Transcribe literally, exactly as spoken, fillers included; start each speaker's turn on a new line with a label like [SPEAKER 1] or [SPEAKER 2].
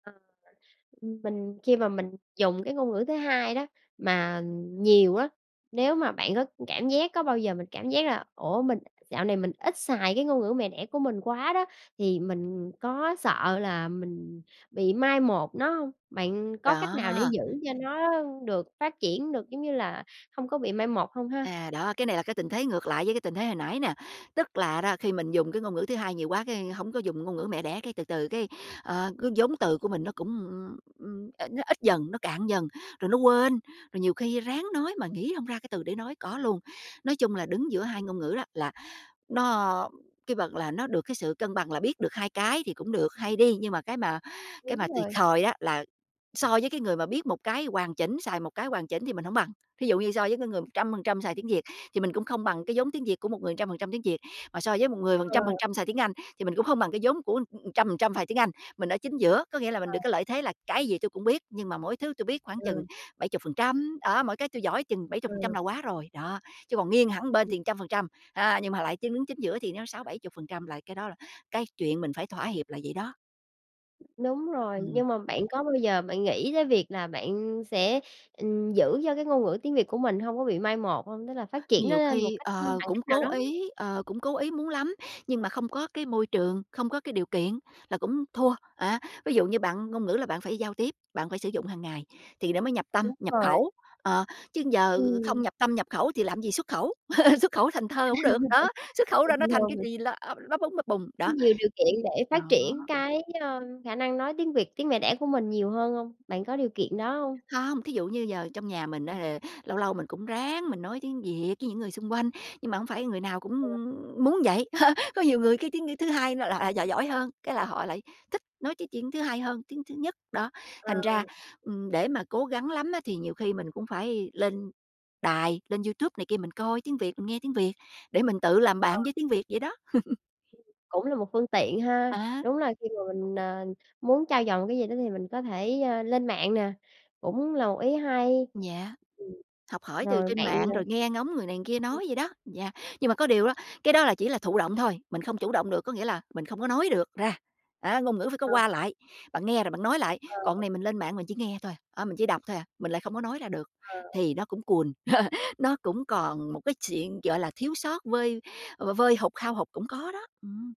[SPEAKER 1] Ờ, ừm, mình khi mà mình dùng cái ngôn ngữ thứ hai đó mà nhiều á, nếu mà bạn có cảm giác có bao giờ mình cảm giác là "Ủa, mình dạo này mình ít xài cái ngôn ngữ mẹ đẻ của mình quá" đó, thì mình có sợ là mình bị mai một nó hông? Bạn có cách nào để
[SPEAKER 2] Đó.
[SPEAKER 1] giữ cho nó được phát triển được, giống như là, hông có bị mai một hông ha?
[SPEAKER 2] À, đó, cái này là cái tình thế ngược lại với cái tình thế hồi nãy nè. Tức là đó, khi mình dùng cái ngôn ngữ thứ hai nhiều quá cái hổng có dùng ngôn ngữ mẹ đẻ, cái từ từ cái, ờ, cái vốn từ của mình nó cũng, ưm, ưm, ít nó ít dần, nó cạn dần, rồi nó quên, rồi nhiều khi ráng nói mà nghĩ hông ra cái từ để nói, có luôn. Nói chung là đứng giữa hai ngôn ngữ đó, là nó cái vật là nó được cái sự cân bằng là biết được hai cái thì cũng được, hay đi. Nhưng mà cái mà cái mà
[SPEAKER 1] Đúng
[SPEAKER 2] thiệt
[SPEAKER 1] rồi.
[SPEAKER 2] thòi á là so với cái người mà biết một cái hoàn chỉnh, xài một cái hoàn chỉnh thì mình hổng bằng. Thí dụ như so với cái người một trăm phần trăm xài tiếng Việt thì mình cũng không bằng cái vốn tiếng Việt của một người trăm phần trăm tiếng Việt, mà so với một người phần
[SPEAKER 1] Ờ.
[SPEAKER 2] trăm phần trăm xài tiếng Anh, thì mình cũng không bằng cái vốn của, ừm, trăm phần trăm xài tiếng Anh. Mình ở chính giữa, có nghĩa là mình
[SPEAKER 1] Ờ.
[SPEAKER 2] được cái lợi thế là cái gì tôi cũng biết nhưng mà mỗi thứ tôi biết khoảng chừng
[SPEAKER 1] Ừ.
[SPEAKER 2] bảy chục phần trăm, đó, mỗi cái tôi giỏi chừng bảy chục phần trăm
[SPEAKER 1] Ừ.
[SPEAKER 2] là quá rồi, đó. Chứ còn nghiêng hẳn bên
[SPEAKER 1] Ừm.
[SPEAKER 2] thì trăm phần trăm, a, nhưng mà lại chứng chính giữa thì nó sáu bảy chục phần trăm là cái đó là cái chuyện mình phải thỏa hiệp là vậy đó.
[SPEAKER 1] Đúng rồi,
[SPEAKER 2] Ừm.
[SPEAKER 1] nhưng mà bạn có bao giờ bạn nghĩ tới việc là bạn sẽ, ừm, giữ cho cái ngôn ngữ tiếng Việt của mình hông có bị mai một hông? Tức là phát triển nó
[SPEAKER 2] Nhiều
[SPEAKER 1] lên một
[SPEAKER 2] khi,
[SPEAKER 1] cách
[SPEAKER 2] ờ,
[SPEAKER 1] bằng
[SPEAKER 2] cũng
[SPEAKER 1] cách nào
[SPEAKER 2] cố
[SPEAKER 1] đó.
[SPEAKER 2] ý, ờ, cũng cố ý muốn lắm, nhưng mà không có cái môi trường, không có cái điều kiện là cũng thua, á. Ví dụ như bạn ngôn ngữ là bạn phải giao tiếp, bạn phải sử dụng hàng ngày thì nó mới nhập tâm,
[SPEAKER 1] Đúng
[SPEAKER 2] nhập
[SPEAKER 1] rồi.
[SPEAKER 2] khẩu. Ờ, chứ giờ không
[SPEAKER 1] Ừm.
[SPEAKER 2] nhập tâm, nhập khẩu thì làm gì xuất khẩu? Xuất khẩu thành thơ cũng được, đó, xuất khẩu ra nó thành cái
[SPEAKER 1] [unintelligible]
[SPEAKER 2] gì là ắp lắp búng bập bùng,
[SPEAKER 1] Có
[SPEAKER 2] đó.
[SPEAKER 1] nhiều điều kiện để
[SPEAKER 2] Đó.
[SPEAKER 1] phát triển cái, ơ, khả năng nói tiếng Việt, tiếng mẹ đẻ của mình nhiều hơn hông? Bạn có điều kiện đó hông?
[SPEAKER 2] Không, thí dụ như giờ trong nhà mình á, ờ, lâu lâu mình cũng ráng mình nói tiếng Việt với những người xung quanh, nhưng mà không phải người nào cũng
[SPEAKER 1] Ờ.
[SPEAKER 2] muốn vậy. Có nhiều người cái tiếng, ư, thứ hai là lại lại giỏi giỏi hơn, cái là họ lại thích nói cái tiếng thứ hai hơn tiếng thứ nhất, đó.
[SPEAKER 1] Ờ.
[SPEAKER 2] Thành ra, ừm, để mà cố gắng lắm á thì nhiều khi mình cũng phải lên đài, lên YouTube này kia mình coi tiếng Việt, mình nghe tiếng Việt để mình tự làm
[SPEAKER 1] Ờ.
[SPEAKER 2] bạn với tiếng Việt vậy đó.
[SPEAKER 1] Cũng là một phương tiện ha,
[SPEAKER 2] À.
[SPEAKER 1] đúng là khi mà mình, ờ, muốn trau dồi một cái gì đó thì mình có thể, ơ, lên mạng nè, cũng là một ý hay.
[SPEAKER 2] Yeah,
[SPEAKER 1] Ừm.
[SPEAKER 2] học hỏi từ
[SPEAKER 1] Rồi
[SPEAKER 2] trên
[SPEAKER 1] bạn,
[SPEAKER 2] mạng
[SPEAKER 1] ờ
[SPEAKER 2] rồi nghe ngóng người này kia
[SPEAKER 1] [unintelligible]
[SPEAKER 2] nói vậy đó, yeah. Nhưng mà có điều đó, cái đó là chỉ là thụ động thôi, mình không chủ động được, có nghĩa là mình không có nói được ra, đó. Ngôn ngữ phải có
[SPEAKER 1] Ờ,
[SPEAKER 2] qua
[SPEAKER 1] ờ.
[SPEAKER 2] lại, bạn nghe rồi bạn nói lại,
[SPEAKER 1] Ờ.
[SPEAKER 2] còn này mình lên mạng mình chỉ nghe thôi à, á, mình chỉ đọc thôi à, mình lại không có nói ra được
[SPEAKER 1] Ờ.
[SPEAKER 2] thì nó cũng cùn, nó cũng còn một cái chuyện, gọi là, thiếu sót, vơi, ờ, v vơi hụt, hao hụt cũng có đó. Ừm.